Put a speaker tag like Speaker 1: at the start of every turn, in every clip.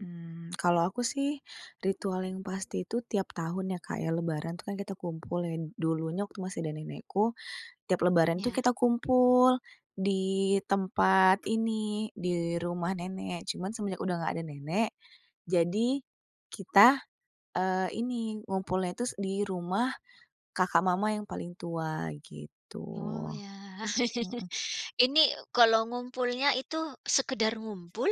Speaker 1: Mmm, kalau aku sih ritual yang pasti itu tiap tahun ya, Kak, ya Lebaran tuh kan kita kumpul ya. Dulunya waktu masih ada nenekku tiap Lebaran tuh
Speaker 2: Ya.
Speaker 1: kita kumpul di tempat ini di rumah nenek, cuman semenjak udah nggak ada nenek jadi kita, eee, ini ngumpulnya tus di rumah kakak mama yang paling tua gitu,
Speaker 2: Oh, ya.
Speaker 1: mhm.
Speaker 2: Ini kalau ngumpulnya itu sekedar ngumpul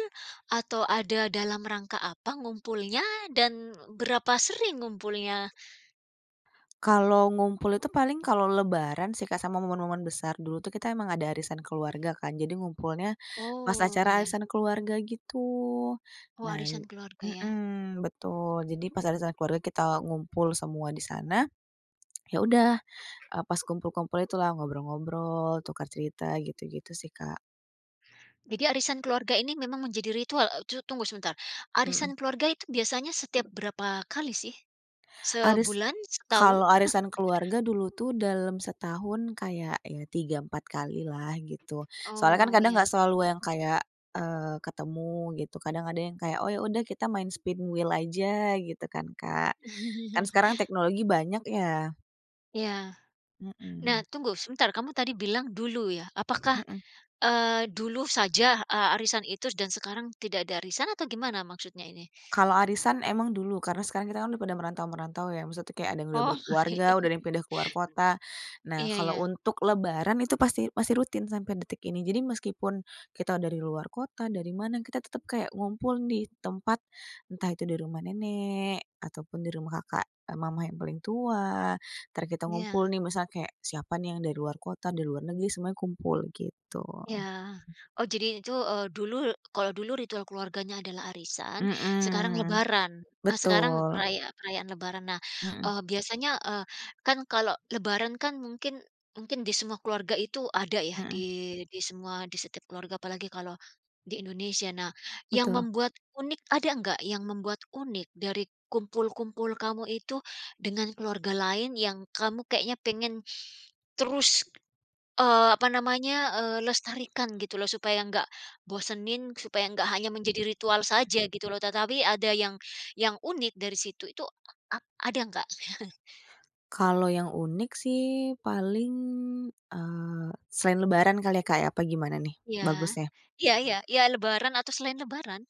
Speaker 2: atau ada dalam rangka apa ngumpulnya dan berapa sering ngumpulnya?
Speaker 1: Kalau ngumpul itu paling kalau Lebaran sih, Kak, sama momen-momen besar. Dulu tuh kita emang ada arisan keluarga kan, jadi ngumpulnya pas
Speaker 2: Oh,
Speaker 1: acara
Speaker 2: ya.
Speaker 1: arisan keluarga gitu.
Speaker 2: Oh,
Speaker 1: Nah
Speaker 2: arisan keluarga ya.
Speaker 1: mhm, betul jadi pas arisan keluarga kita ngumpul semua di sana. Ya udah, eee, pas kumpul-kumpul itulah ngobrol-ngobrol, tukar cerita, gitu-gitu sih, Kak.
Speaker 2: Jadi arisan keluarga ini memang menjadi ritual eee, tu tunggu sebentar, arisan
Speaker 1: Mhm.
Speaker 2: keluarga itu biasanya setiap berapa kali sih?
Speaker 1: Aris
Speaker 2: Sebulan? Setahun?
Speaker 1: kalau arisan keluarga dulu tuh dalam setahun kayak ya 3, 4 kalilah gitu. Soalnya kan
Speaker 2: Oh,
Speaker 1: kadang
Speaker 2: ya.
Speaker 1: nggak selalu yang kayak, eee, ketemu gitu, kadang ada yang kayak, "Oh, ya udah kita main spin wheel aja," gitu kan, Kak, kan sekarang teknologi banyak ya.
Speaker 2: Iya. Nah,
Speaker 1: Mhm.
Speaker 2: tunggu sebentar, kamu tadi bilang dulu ya, apakah,
Speaker 1: Mhm.
Speaker 2: eee, dulu saja, eee, arisan itu dan sekarang tidak ada arisan atau gimana maksudnya ini?
Speaker 1: Kalau arisan emang dulu karena sekarang kita kan udah pada merantau-merantau ya, maksudnya tuh kayak ada yang udah
Speaker 2: Oh.
Speaker 1: berkeluarga, udah ada yang pindah keluar kota. Nah,
Speaker 2: Iya
Speaker 1: kalau
Speaker 2: iya.
Speaker 1: untuk Lebaran itu pasti masih rutin sampai detik ini. Jadi meskipun kita dari luar kota, dari mana, kita tetep kayak ngumpul nih tempat, entah itu di rumah nenek atau pun di rumah kakak mama yang paling tua, entar kita ngumpul
Speaker 2: Iya.
Speaker 1: nih misalnya kayak siapa nih yang dari luar kota, dari luar negeri, semuanya kumpul gitu.
Speaker 2: Iya. Oh, jadi itu, eee, dulu kalau dulu ritual keluarganya adalah arisan sekarang
Speaker 1: Mhm,
Speaker 2: Lebaran eh, sekarang
Speaker 1: betul.
Speaker 2: peraya perayaan Lebaran. Nah,
Speaker 1: Mhm.
Speaker 2: eee, biasanya, eee, kan kalau Lebaran kan mungkin mungkin di semua keluarga itu ada ya di
Speaker 1: Mhm.
Speaker 2: di semua di setiap keluarga apalagi kalau di Indonesia. Nah, yang
Speaker 1: Betul.
Speaker 2: membuat unik ada enggak, yang membuat unik dari kumpul-kumpul kamu itu dengan keluarga lain yang kamu kayaknya pengen terus, eee, apa namanya, eee, lestarikan gitu loh supaya nggak bosenin, supaya nggak hanya menjadi ritual saja gitu loh, tetapi ada yang yang unik dari situ, itu a a ada nggak?
Speaker 1: Kalau yang unik sih paling, eee, selain Lebaran kali ya, Kak, apa gimana nih
Speaker 2: Iya,
Speaker 1: bagusnya?
Speaker 2: iya iya iya lebaran atau selain lebaran.